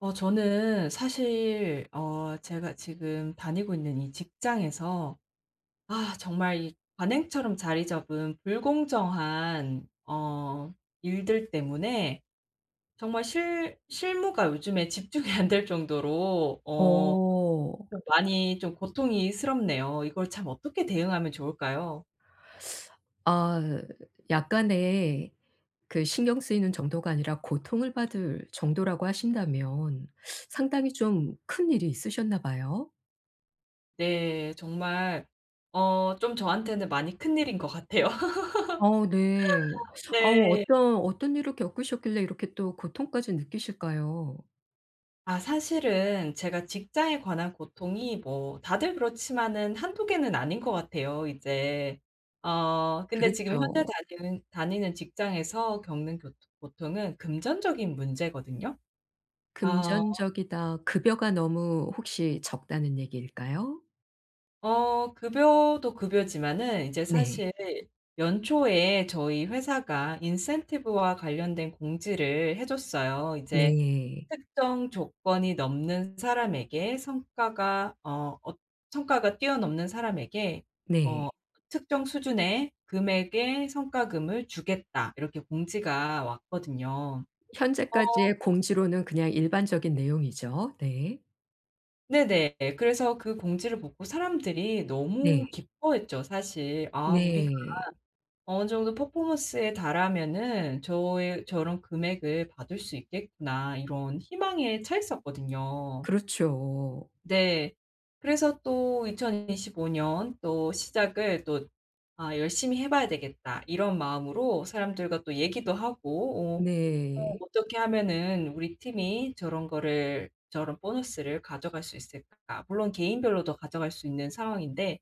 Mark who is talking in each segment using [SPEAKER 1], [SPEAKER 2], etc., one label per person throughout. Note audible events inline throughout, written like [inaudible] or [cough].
[SPEAKER 1] 어 저는 사실 어 제가 지금 다니고 있는 이 직장에서 아 정말 이 관행처럼 자리 잡은 불공정한 어 일들 때문에 정말 실 실무가 요즘에 집중이 안 될 정도로 어
[SPEAKER 2] 어.
[SPEAKER 1] 좀 많이 좀 고통스럽네요. 이걸 참 어떻게 대응하면 좋을까요?
[SPEAKER 2] [sucks teeth] 아 약간의 그 신경 쓰이는 정도가 아니라 고통을 받을 정도라고 하신다면 [sucks teeth] 상당히 좀 큰일이 있으셨나 봐요?
[SPEAKER 1] 네. 정말 어 좀 저한테는 많이 큰일인 것 같아요.
[SPEAKER 2] 아우 네.
[SPEAKER 1] [laughs]
[SPEAKER 2] 아우
[SPEAKER 1] 네.
[SPEAKER 2] 어떤 어떤 일을 겪으셨길래 이렇게 또 고통까지 느끼실까요?
[SPEAKER 1] 아 사실은 제가 직장에 관한 고통이 뭐 다들 그렇지만은 1-2 개는 아닌 것 같아요 이제. 어 근데 지금 현재
[SPEAKER 2] 그렇죠.
[SPEAKER 1] 다니는 다니는 직장에서 겪는 교통 고통은 금전적인 문제거든요. 아.
[SPEAKER 2] 금전적이다. '급여가 너무 혹시 적다.'는 얘기일까요?
[SPEAKER 1] 어 급여도 급여지만은 이제
[SPEAKER 2] 네.
[SPEAKER 1] 사실 연초에 저희 회사가 인센티브와 관련된 공지를 해 줬어요. 이제
[SPEAKER 2] 네.
[SPEAKER 1] "특정 조건이 넘는 사람에게 성과가 어 어 성과가 뛰어넘는 사람에게 어
[SPEAKER 2] 네.
[SPEAKER 1] 특정 수준의 금액의 성과금을 주겠다." 이렇게 공지가 왔거든요. 어
[SPEAKER 2] 현재까지의 공지로는 그냥 일반적인 내용이죠. 네.
[SPEAKER 1] 네네. 그래서 그 공지를 보고 사람들이 너무
[SPEAKER 2] 네.
[SPEAKER 1] 기뻐했죠, 사실. 아 "우리가
[SPEAKER 2] 네.
[SPEAKER 1] 어느 정도 퍼포먼스에 달하면은 저에 저런 금액을 받을 수 있겠구나." 이런 희망에 차있었거든요.
[SPEAKER 2] 그렇죠.
[SPEAKER 1] 네. 그래서 또 2025 년 또 시작을 또 "아 열심히 해 봐야 되겠다." 이런 마음으로 사람들과 또 얘기도 하고 어 "어
[SPEAKER 2] 네.
[SPEAKER 1] 어떻게 하면은 우리 팀이 저런 거를, 저런 보너스를 가져갈 수 있을까?" 물론 개인별로도 가져갈 수 있는 상황인데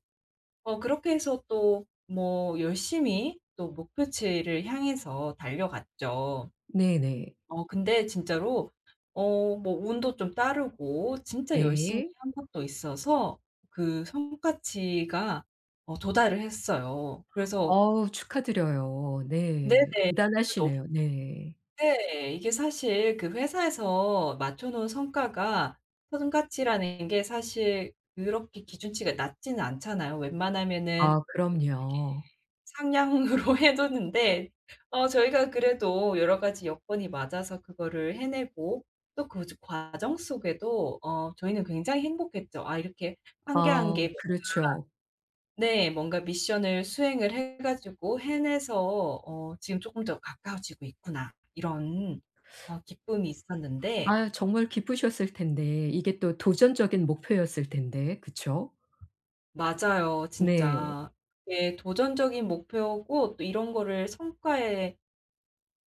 [SPEAKER 1] 어 그렇게 해서 또 뭐 열심히 또 목표치를 향해서 달려갔죠.
[SPEAKER 2] 네네.
[SPEAKER 1] 어 근데 진짜로 어 뭐 운도 좀 따르고 진짜 열심히
[SPEAKER 2] 네.
[SPEAKER 1] 한 것도 있어서 그 성과치가 어 도달을 했어요. 그래서
[SPEAKER 2] 어우 축하드려요. 네.
[SPEAKER 1] 네네. [unintelligible]
[SPEAKER 2] 대단하시네요. 네.
[SPEAKER 1] 네 이게 사실 그 회사에서 맞춰 놓은 성과가 성과치라는 게 사실 그렇게 기준치가 낮지는 않잖아요. 웬만하면은
[SPEAKER 2] 아
[SPEAKER 1] 이렇게
[SPEAKER 2] 그럼요.
[SPEAKER 1] 상향으로 해 놓는데 어 저희가 그래도 여러 가지 여건이 맞아서 그거를 해내고 또 그 과정 속에도 어 저희는 굉장히 행복했죠. 아 이렇게 1 개 1
[SPEAKER 2] 아
[SPEAKER 1] 개 뭔가
[SPEAKER 2] 그렇죠.
[SPEAKER 1] 네 뭔가 미션을 수행을 해 가지고 해내서 어 "지금 쪼끔 더 가까워지고 있구나." 이런 어 기쁨이
[SPEAKER 2] [sucks teeth]
[SPEAKER 1] 있었는데
[SPEAKER 2] 아유 정말 기쁘셨을 텐데 이게 또 도전적인 목표였을 텐데, 그쵸?
[SPEAKER 1] 맞아요
[SPEAKER 2] 네.
[SPEAKER 1] 진짜. 그게 도전적인 목표고 또 이런 거를 성과에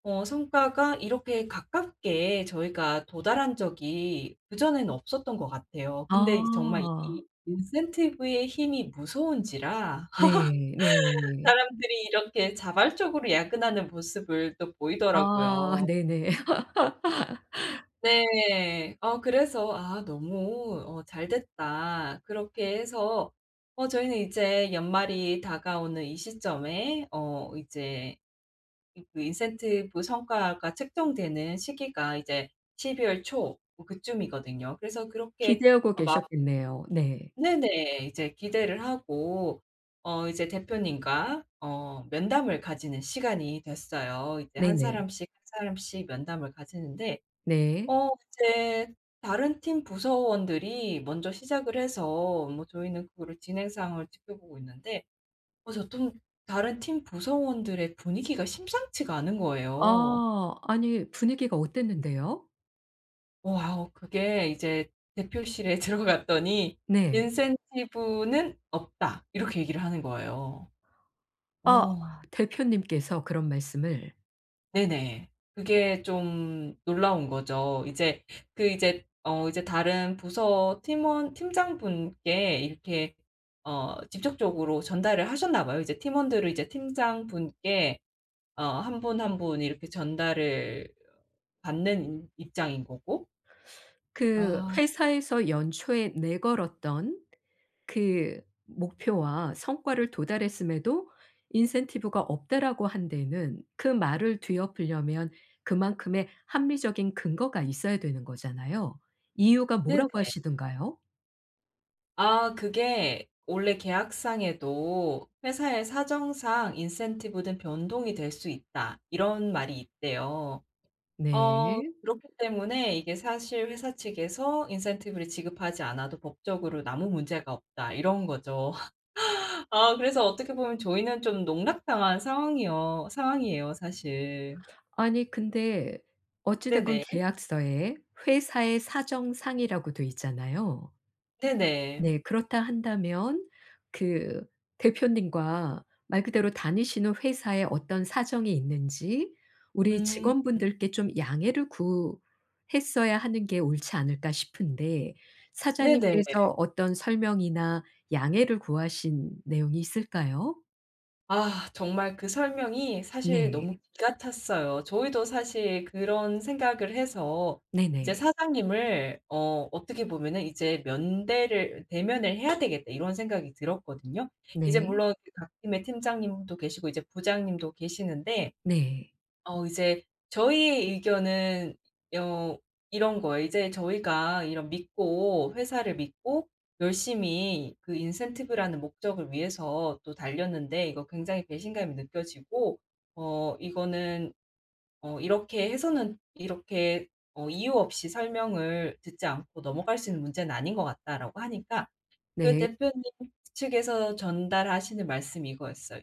[SPEAKER 1] 어 성과가 이렇게 가깝게 저희가 도달한 적이 그전에는 없었던 것 같아요. 근데 이제 정말
[SPEAKER 2] 아.
[SPEAKER 1] 이 인센티브의 힘이 무서운지라
[SPEAKER 2] 네.
[SPEAKER 1] [laughs]
[SPEAKER 2] 네.
[SPEAKER 1] 사람들이 이렇게 자발적으로 야근하는 모습을 또
[SPEAKER 2] 아
[SPEAKER 1] 보이더라고요.
[SPEAKER 2] 네네. [laughs]
[SPEAKER 1] 네. 어 그래서 '아 너무 어 잘됐다.' 그렇게 해서 어 저희는 이제 연말이 다가오는 이 시점에 어 이제 그 인센티브 성과가 측정되는 시기가 이제 12 월 초 뭐 그쯤이거든요. 그래서 그렇게
[SPEAKER 2] 기대하고
[SPEAKER 1] 어 막
[SPEAKER 2] 계셨겠네요. 네.
[SPEAKER 1] 네네. 이제 기대를 하고 어 이제 대표님과 어 면담을 가지는 시간이 됐어요. 이제 1
[SPEAKER 2] 네네.
[SPEAKER 1] 사람씩 1 사람씩 면담을 가지는데
[SPEAKER 2] 네.
[SPEAKER 1] 어 이제 다른 팀 부서원들이 먼저 시작을 해서 뭐 저희는 그거를 진행 상황을 지켜보고 있는데 어 저 좀 다른 팀 구성원들의 분위기가 심상치가 않은 거예요.
[SPEAKER 2] 아. 아니 분위기가 어땠는데요?
[SPEAKER 1] 와우 그게 이제 대표실에 들어갔더니
[SPEAKER 2] 네.
[SPEAKER 1] "인센티브는 없다." 이렇게 얘기를 하는 거예요.
[SPEAKER 2] 아
[SPEAKER 1] 어.
[SPEAKER 2] 대표님께서 그런 말씀을.
[SPEAKER 1] 네네. 그게 좀 놀라운 거죠. 이제 그 이제 어 이제 다른 부서 팀원 팀장분께 이렇게 어 직접적으로 전달을 하셨나 봐요. 이제 팀원들을 이제 팀장분께 어 1 분 1 분 이렇게 전달을 받는 인 입장인 거고
[SPEAKER 2] [sucks teeth] 그
[SPEAKER 1] 아.
[SPEAKER 2] 회사에서 연초에 내걸었던 그 목표와 성과를 도달했음에도 "인센티브가 없다."라고 한 데에는 그 말을 뒤엎으려면 그만큼의 합리적인 근거가 있어야 되는 거잖아요. 이유가
[SPEAKER 1] 네네.
[SPEAKER 2] 뭐라고 하시든가요?
[SPEAKER 1] 아 그게 원래 계약상에도 '회사의 사정상 인센티브는 변동이 될 수 있다.' 이런 말이 있대요. 어
[SPEAKER 2] 네.
[SPEAKER 1] 그렇기 때문에 이게 사실 '회사 측에서 인센티브를 지급하지 않아도 법적으로 아무 문제가 없다.' 이런 거죠. [laughs] 아 그래서 어떻게 보면 저희는 좀 농락당한 상황이여 상황이에요 사실.
[SPEAKER 2] 아니 근데 어찌 됐건
[SPEAKER 1] 네네.
[SPEAKER 2] 계약서에 '회사의 사정상'이라고 돼 있잖아요.
[SPEAKER 1] 네네.
[SPEAKER 2] 네. 그렇다 한다면 그 대표님과 말 그대로 '다니시는 회사에 어떤 사정이 있는지 우리
[SPEAKER 1] 음.
[SPEAKER 2] 직원분들께 좀 양해를 구했어야 하는 게 옳지 않을까?' 싶은데
[SPEAKER 1] 네네.
[SPEAKER 2] 사장님께서 어떤 설명이나 양해를 구하신 내용이 있을까요?
[SPEAKER 1] 아 정말 그 설명이 사실
[SPEAKER 2] 네.
[SPEAKER 1] 너무 기가 찼어요. 저희도 사실 그런 생각을 해서 이제
[SPEAKER 2] 네네.
[SPEAKER 1] 사장님을 어 어떻게 보면은 '이제 면대를 대면을 해야 되겠다.' 이런 생각이 들었거든요. 이제
[SPEAKER 2] 네.
[SPEAKER 1] 물론 각 팀의 팀장님도 계시고 이제 부장님도 계시는데
[SPEAKER 2] 네.
[SPEAKER 1] 어 이제 저희의 의견은 여 이런 거예요. 이제 저희가 이런 믿고 회사를 믿고 열심히 그 인센티브라는 목적을 위해서 또 달렸는데 이거 굉장히 배신감이 느껴지고 "어 이거는 어 이렇게 해서는 이렇게 어 이유 없이 설명을 듣지 않고 넘어갈 수 있는 문제는 아닌 것 같다."라고 하니까 그
[SPEAKER 2] 네.
[SPEAKER 1] 대표님 측에서 전달하시는 말씀이 이거였어요.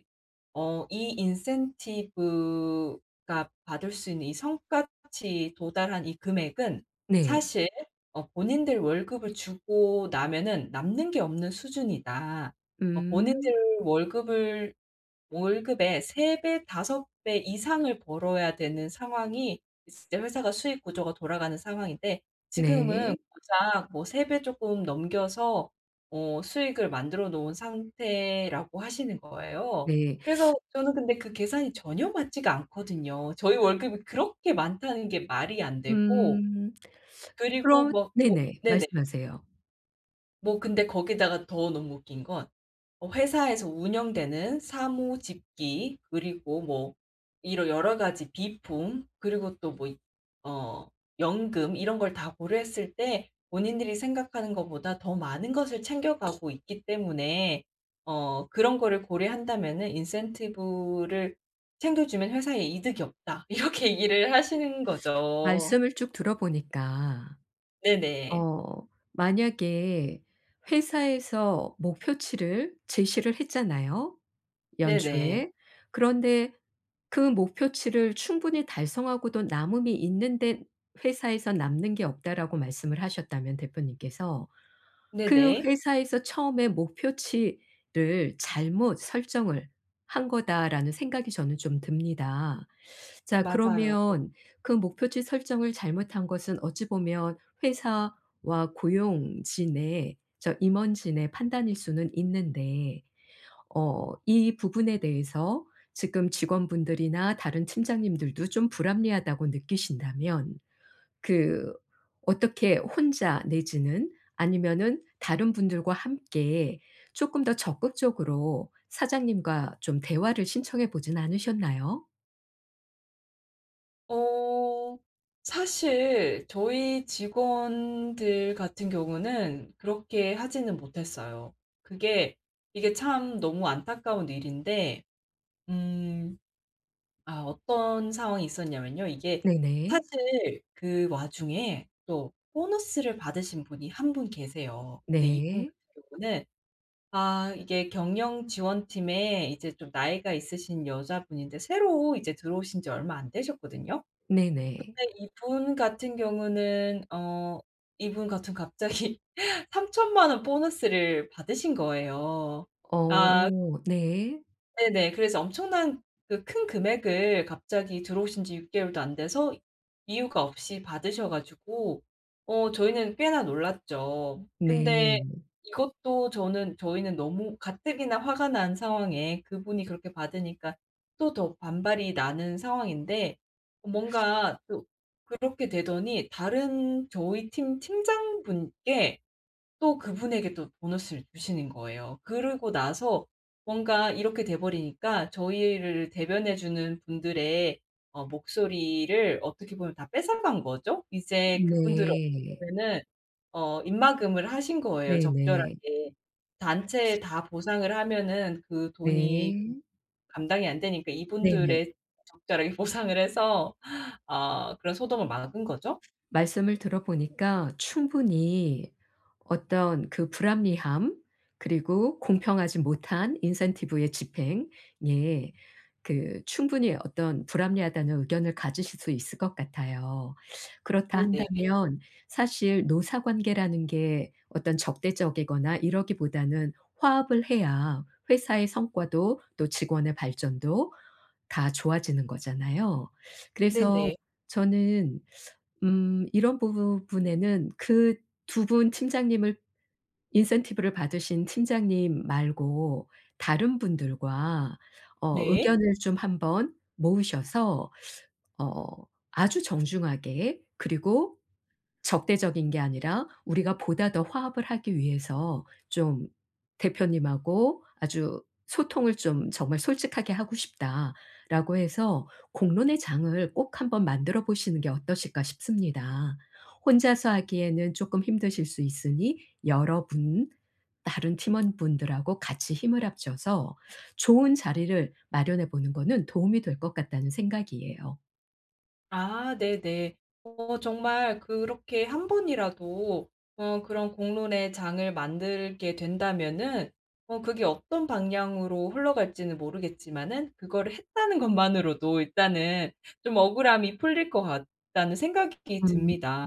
[SPEAKER 1] 어 "이 인센티브가 받을 수 있는 이 성과치 도달한 이 금액은
[SPEAKER 2] 네.
[SPEAKER 1] 사실 어 본인들 월급을 주고 나면은 남는 게 없는 수준이다." 어
[SPEAKER 2] 음.
[SPEAKER 1] 본인들 월급을 월급의 3 배, 5 배 이상을 벌어야 되는 상황이 진짜 회사가 수익 구조가 돌아가는 상황인데 지금은
[SPEAKER 2] 네.
[SPEAKER 1] 고작 뭐 3 배 쪼끔 넘겨서 어 수익을 만들어 놓은 상태라고 하시는 거예요.
[SPEAKER 2] 네.
[SPEAKER 1] 그래서
[SPEAKER 2] [sucks teeth]
[SPEAKER 1] 저는 근데 그 계산이 전혀 맞지가 않거든요. 저희 월급이 그렇게 많다는 게 말이 안 되고
[SPEAKER 2] 음. [sucks teeth]
[SPEAKER 1] 그리고
[SPEAKER 2] 그럼
[SPEAKER 1] 뭐 뭐
[SPEAKER 2] 네네.
[SPEAKER 1] 네네.
[SPEAKER 2] 말씀하세요.
[SPEAKER 1] 뭐 근데 거기다가 더 너무 웃긴 건 어 회사에서 운영되는 사무 집기 그리고 뭐 이런 여러 가지 비품 그리고 또 뭐 이 어 연금 이런 걸 다 고려했을 때 본인들이 생각하는 것보다 더 많은 것을 챙겨 가고 있기 때문에 어 그런 거를 고려한다면은 "인센티브를 챙겨 주면 회사에 이득이 없다." 이렇게 얘기를 하시는 거죠.
[SPEAKER 2] 말씀을 쭉 들어보니까
[SPEAKER 1] 네네.
[SPEAKER 2] 어 만약에 회사에서 목표치를 제시를 했잖아요
[SPEAKER 1] 네네.
[SPEAKER 2] 연초에. 그런데 그 목표치를 충분히 달성하고도 남음이 있는데 회사에서 "남는 게 없다."라고 말씀을 하셨다면 대표님께서. '그
[SPEAKER 1] 네네.
[SPEAKER 2] 회사에서 처음에 목표치를 잘못 설정을 한 거다.'라는 생각이 저는 좀 듭니다. 자
[SPEAKER 1] 맞아요.
[SPEAKER 2] 그러면 그 목표치 설정을 잘못한 것은 어찌 보면 회사와 고용진의 저 임원진의 판단일 수는 있는데 어 이 부분에 대해서 지금 직원분들이나 다른 팀장님들도 좀 불합리하다고 느끼신다면 그 어떻게 혼자 내지는 아니면은 다른 분들과 함께 쪼끔 더 적극적으로 사장님과 좀 대화를 신청해 보진 않으셨나요?
[SPEAKER 1] 어 사실 저희 직원들 같은 경우는 그렇게 하지는 못했어요. 그게 이게 참 너무 안타까운 일인데 음 아 어떤 상황이 있었냐면요. 이게
[SPEAKER 2] 네네.
[SPEAKER 1] 사실 그 와중에 또 보너스를 받으신 분이 1 분 계세요. 근데 이분
[SPEAKER 2] 네.
[SPEAKER 1] 같은 경우는 아 이게 경영지원팀에 이제 좀 나이가 있으신 여자분인데 새로 이제 들어오신 지 얼마 안 되셨거든요.
[SPEAKER 2] 네네.
[SPEAKER 1] 근데 이분 같은 경우는 어 이분 같은 갑자기 30,000,000 원 보너스를 받으신 거예요. 아.
[SPEAKER 2] 어 네.
[SPEAKER 1] 네네. 그래서 엄청난 그 큰 금액을 갑자기 들어오신 지 6 개월도 안 돼서 이유가 없이 받으셔 가지고 어 저희는 꽤나 놀랐죠. 근데
[SPEAKER 2] 네.
[SPEAKER 1] 이것도 저는 저희는 너무 가뜩이나 화가 난 상황에 그분이 그렇게 받으니까 또 더 반발이 나는 상황인데 뭔가 또 그렇게 되더니 다른 저희 팀 팀장분께 또 그분에게도 보너스를 주시는 거예요. 그러고 나서 뭔가 이렇게 돼 버리니까 저희를 대변해 주는 분들의 어 목소리를 어떻게 보면 다 뺏어간 거죠. 이제 그분들을 어떻게
[SPEAKER 2] 네.
[SPEAKER 1] 보면은 어 입막음을 하신 거예요
[SPEAKER 2] 네네.
[SPEAKER 1] 적절하게. 단체에 다 보상을 하면은 그 돈이
[SPEAKER 2] 네.
[SPEAKER 1] 감당이 안 되니까
[SPEAKER 2] 네네.
[SPEAKER 1] 이분들에 적절하게 보상을 해서 아 그런 소동을 막은 거죠.
[SPEAKER 2] 말씀을 들어 보니까 충분히 어떤 그 불합리함 그리고 공평하지 못한 incentive의 집행 예 그 충분히 어떤 불합리하다는 의견을 가지실 수 있을 것 같아요. [sucks teeth] 그렇다
[SPEAKER 1] 네네.
[SPEAKER 2] 한다면 사실 노사 관계라는 게 어떤 적대적이거나 이러기보다는 화합을 해야 회사의 성과도 또 직원의 발전도 다 좋아지는 거잖아요. 그래서
[SPEAKER 1] 네네.
[SPEAKER 2] 저는 [sucks teeth] 음 이런 부 부분에는 그 2 분 팀장님을 incentive를 받으신 팀장님 말고 다른 분들과 어
[SPEAKER 1] 네.
[SPEAKER 2] 의견을 좀 한번 모으셔서 [sucks teeth] 어 아주 정중하게 그리고 적대적인 게 아니라 "우리가 보다 더 화합을 하기 위해서 좀 대표님하고 아주 소통을 좀 정말 솔직하게 하고 싶다."라고 해서 공론의 장을 꼭 한번 만들어 보시는 게 어떠실까 싶습니다. 혼자서 하기에는 쪼끔 힘드실 수 있으니 '여러분 다른 팀원분들하고 같이 힘을 합쳐서 좋은 자리를 마련해 보는 거는 도움이 될 것 같다.'는 생각이에요.
[SPEAKER 1] 아 네네. 어 정말 그렇게 한번이라도 어 그런 공론의 장을 만들게 된다면은 어 그게 '어떤 방향으로 흘러갈지는 모르겠지만은 그거를 했다는 것만으로도 일단은 좀 억울함이 풀릴 것 같다.'는 생각이
[SPEAKER 2] 음
[SPEAKER 1] 듭니다.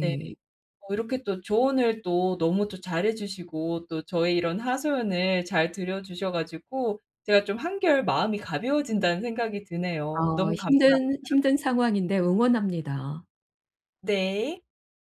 [SPEAKER 1] 네. 어 이렇게 또 조언을 또 너무 또 잘해 주시고 또 저의 이런 하소연을 잘 들어주셔 가지고 제가 좀 '한결 마음이 가벼워진다.'는 생각이 드네요.
[SPEAKER 2] 어
[SPEAKER 1] 너무
[SPEAKER 2] 힘든
[SPEAKER 1] 감사합니다.
[SPEAKER 2] 힘든 상황인데 응원합니다.
[SPEAKER 1] 네.